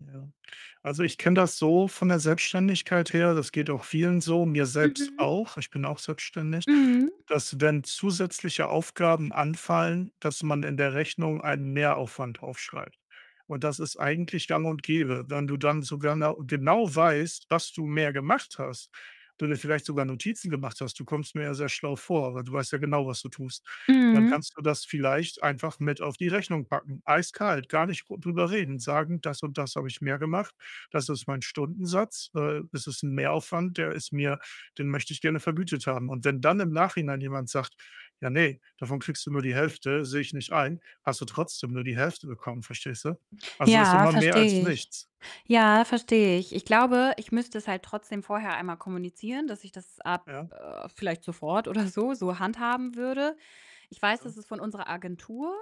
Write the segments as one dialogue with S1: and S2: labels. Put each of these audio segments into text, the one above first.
S1: Ja. Also, ich kenne das so von der Selbstständigkeit her, das geht auch vielen so, mir selbst
S2: Mhm.
S1: auch, ich bin auch selbstständig,
S2: Mhm.
S1: dass wenn zusätzliche Aufgaben anfallen, dass man in der Rechnung einen Mehraufwand aufschreibt und das ist eigentlich gang und gäbe. Wenn du dann sogar nau genau weißt, dass du mehr gemacht hast, du dir vielleicht sogar Notizen gemacht hast- du kommst mir ja sehr schlau vor, weil du weißt ja genau, was du tust- dann
S2: Mhm.
S1: kannst du das vielleicht einfach mit auf die Rechnung packen, eiskalt, gar nicht gr drüber reden, sagen „Das und das habe ich mehr gemacht. Das ist mein Stundensatz. Äh, das ist 'n Mehraufwand, der ist mir den möchte ich gerne vergütet haben.“ Und wenn dann im Nachhinein jemand sagt: „Ja, ne, davon kriegst du nur die Hälfte, sehe ich nicht ein“, hast du trotzdem nur die Hälfte bekommen, verstehst du? Also, ist
S2: Ja,
S1: immer mehr als
S2: verstehe ich.
S1: nichts.
S2: Ja, verstehe ich. Ich glaube, ich müsste es halt trotzdem vorher einmal kommunizieren, dass ich das ab,
S1: Ja.
S2: äh vielleicht sofort oder so, so handhaben würde. Ich weiß,
S1: Ja.
S2: dass es von unserer Agentur,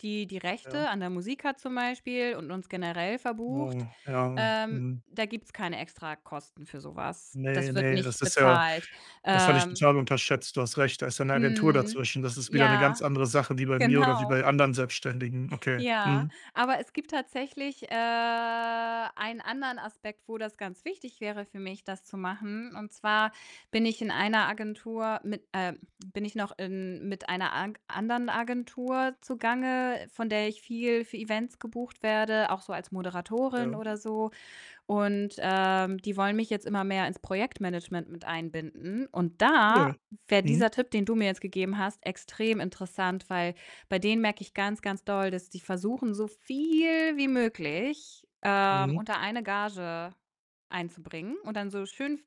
S2: die die
S1: Ja.
S2: Rechte an der Musik hat zum Beispiel und uns generell
S1: Oh,
S2: verbucht
S1: ja,
S2: ähm,
S1: mhm.
S2: da gibt's keine Extrakosten für so was.
S1: Ne,
S2: Das wird
S1: ne, das
S2: nicht
S1: ist ja
S2: bezahlt,
S1: das hatte ich
S2: ähm
S1: total unterschätzt. Du hast recht, da ist ja 'ne Agentur
S2: Mhm,
S1: dazwischen, das ist wieder 'ne ganz
S2: ja,
S1: andere Sache wie bei mir oder wie
S2: genau.
S1: bei anderen Selbstständigen. Okay.
S2: Ja,
S1: Mhm.
S2: aber es gibt tatsächlich, äh, einen anderen Aspekt, wo das ganz wichtig wäre für mich, das zu machen, und zwar bin ich in einer Agentur mit äh, bin ich noch in mit einer ank anderen Agentur zugange, von der ich viel für Events gebucht werde, auch so als Moderatorin
S1: Ja.
S2: oder so, und, ähm, die wollen mich jetzt immer mehr ins Projektmanagement mit einbinden, und da
S1: [unintelligible]
S2: wär
S1: Mhm.
S2: dieser Tipp, den du mir jetzt gegeben hast, extrem interessant, weil bei denen merke ich ganz, ganz doll, dass die versuchen, so viel wie möglich, ähm,
S1: Mhm.
S2: unter eine Gage einzubringen und dann so schön v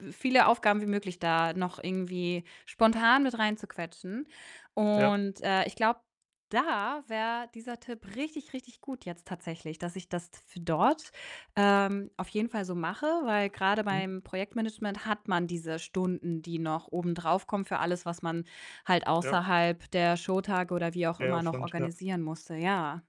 S2: v viele Aufgaben wie möglich da noch irgendwie spontan mit reinzuquetschen
S1: Ja.
S2: und äh, ich glaube, da wär dieser Tipp richtig, richtig gut jetzt tatsächlich, dass ich das f dort, ähm, auf jeden Fall so mache, weil grade
S1: Mhm.
S2: beim Projektmanagement hat man diese Stunden, die noch obendrauf kommen für alles, was man halt
S1: Ja.
S2: außerhalb der Showtage oder wie auch immer noch
S1: Mehraufwand, ja.
S2: organisieren musste, ja.